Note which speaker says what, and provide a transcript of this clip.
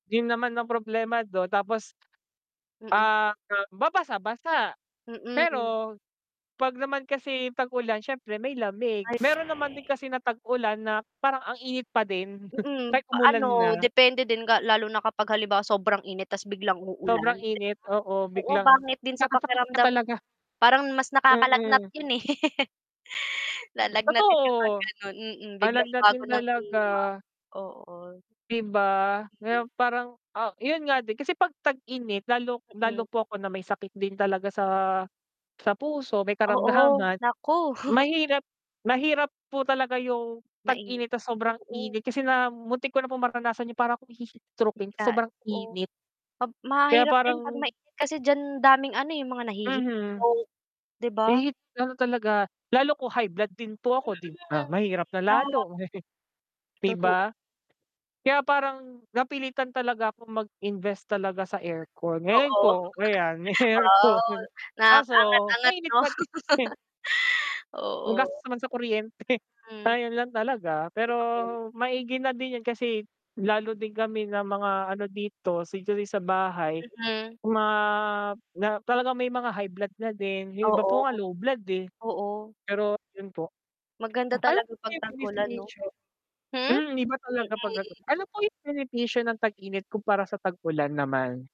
Speaker 1: Yun naman ang problema don, tapos
Speaker 2: Mm.
Speaker 1: Ah, ma babasa-basa,
Speaker 2: Mm.
Speaker 1: pero 'pag naman kasi tag-ulan siyempre may lamig,
Speaker 2: Ay.
Speaker 1: meron naman din kasi na tag-ulan na parang ang init pa din.
Speaker 2: Mm,
Speaker 1: Kahit umulan
Speaker 2: ano
Speaker 1: na.
Speaker 2: depende din ga lalo na kapag halimbawa sobrang init tas biglang uulan,
Speaker 1: Sobrang
Speaker 2: 'di ba?
Speaker 1: init, oo
Speaker 2: Oo,
Speaker 1: biglang
Speaker 2: pangit din sa
Speaker 1: magkakasakit ka
Speaker 2: pakiramdam yun.
Speaker 1: talaga.
Speaker 2: Parang mas nakakalagnat
Speaker 1: Mm.
Speaker 2: yun eh. Lalagnatin ka sa
Speaker 1: Totoo.
Speaker 2: ganun, mm. Biglang bago
Speaker 1: Lalagnatin
Speaker 2: ng
Speaker 1: talaga.
Speaker 2: klima. Oo.
Speaker 1: 'Di ba? Kaya parang ah, yun nga din kasi 'pag tag-init lalo lalo
Speaker 2: Mm.
Speaker 1: po ako na may sakit din talaga sa sa puso, may
Speaker 2: Oo,
Speaker 1: karamdaman.
Speaker 2: naku.
Speaker 1: Mahirap mahirap po talaga yung
Speaker 2: Mainit,
Speaker 1: tag-init tas sobrang
Speaker 2: oo.
Speaker 1: init kasi na muntik ko na pong maranasan yung para akong hi-heat strokin sa
Speaker 2: Bigla
Speaker 1: sobrang
Speaker 2: oh.
Speaker 1: init.
Speaker 2: Pab
Speaker 1: Kaya
Speaker 2: mahirap
Speaker 1: parang
Speaker 2: din pag mainit kasi diyan daming ano eh, yung mga
Speaker 1: Mhm.
Speaker 2: nahi-heatstroke 'di
Speaker 1: Eh,
Speaker 2: ba?
Speaker 1: heat ano talaga. Lalo ko high blood din po
Speaker 2: Mm,
Speaker 1: ako 'di ba, mahirap na
Speaker 2: mahirap.
Speaker 1: lalo. 'Di
Speaker 2: Toto
Speaker 1: ba? Kaya parang, napilitan talaga ako mag-invest talaga sa aircon, ngayon
Speaker 2: Oo.
Speaker 1: po ayan may
Speaker 2: Wow,
Speaker 1: aircon, kaso
Speaker 2: nakaka-angat-angat
Speaker 1: mainit
Speaker 2: 'no.
Speaker 1: pa din.
Speaker 2: Oo.
Speaker 1: Ang gastos naman sa kuryente.
Speaker 2: Hmm.
Speaker 1: Ayun lang talaga, pero
Speaker 2: [unintelligible]
Speaker 1: maigi na din yun kasi lalo din kami ng mga ano dito [unintelligible] sa bahay,
Speaker 2: Mm.
Speaker 1: ma na parang may mga high blood na din, yung iba po nga
Speaker 2: Oo.
Speaker 1: low blood eh.
Speaker 2: Oo.
Speaker 1: Pero yun po,
Speaker 2: Maganda
Speaker 1: alam
Speaker 2: talaga
Speaker 1: mo ba
Speaker 2: pag
Speaker 1: yung
Speaker 2: tag-ulan 'no.
Speaker 1: benepisyo
Speaker 2: Hmm?
Speaker 1: hmm, iba talaga
Speaker 2: Mm.
Speaker 1: pag ano. Ano po yung benepisyo ng tag-init kumpara sa tag ulan naman?